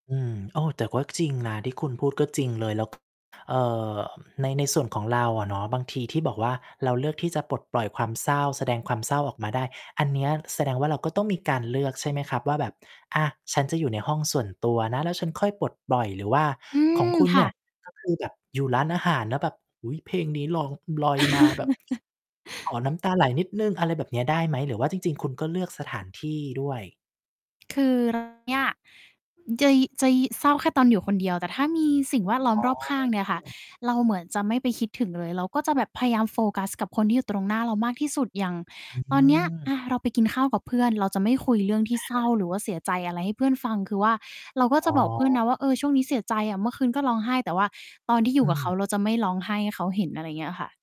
อืม โอ้ แต่ก็ จริงนะที่คุณพูดก็จริงเลย แล้ว เอ่อ ใน ในส่วนของเราอะเนาะ บางทีที่บอกว่า เราเลือกที่จะปลดปล่อยความเศร้า แสดงความเศร้าออกมาได้ อันเนี้ย แสดงว่า เราก็ต้องมีการเลือกใช่ไหมครับว่า แบบ "อะ ฉันจะอยู่ในห้องส่วนตัวนะ แล้วฉันค่อยปลดปล่อย" หรือว่าอืขอม งคุณคเ่นี่ย ะ ก็คือ แบบอยู่ร้านอาหารแล้วแบบ โอ้โฮ เพลงนี้ร้อง ลอยมา แบบ ขอน้ำตาไหลนิดหนึ่ง อะไรแบบเนี้ยได้ไหม? หรือว่าจริง ๆ คุณก็เลือกสถานที่ด้วย คือ เรา เนี่ย เจย จะยิ่ เศร้าแค่ตอนอยู่คนเดียว แต่ถ้ามีสิ่งแวดล้อมอ๋อ รอบข้อางเนี่ยคื่ะ ม เราเหมือนจะไม่ไปคิดถึงเลย เราก็จะแบบพยายามโฟกัสกับคนที่อยู่ตรงหน้าเรามากที่สุด อย่างอืตอนเนี้ย อม ะ เราไปกินข้าวกับเพื่อนเราจะไม่คุยเรื่องที่อะเศรฮ้ะ าหรือว่าเสียใจอะไรให้เพื่อนฟัง คือว่าเราก็อจ๋ะบอกเพื่อนอ นะว่า "เออ ช่วงนี้เสียใจอะ เมื่อคืนก็ร้องไห้" แต่ว่าตอนที่อยูอื่กับเขาม เราจะไม่ร้องไห้ให้เขาเห็น อะไรเงี้ยค่ะ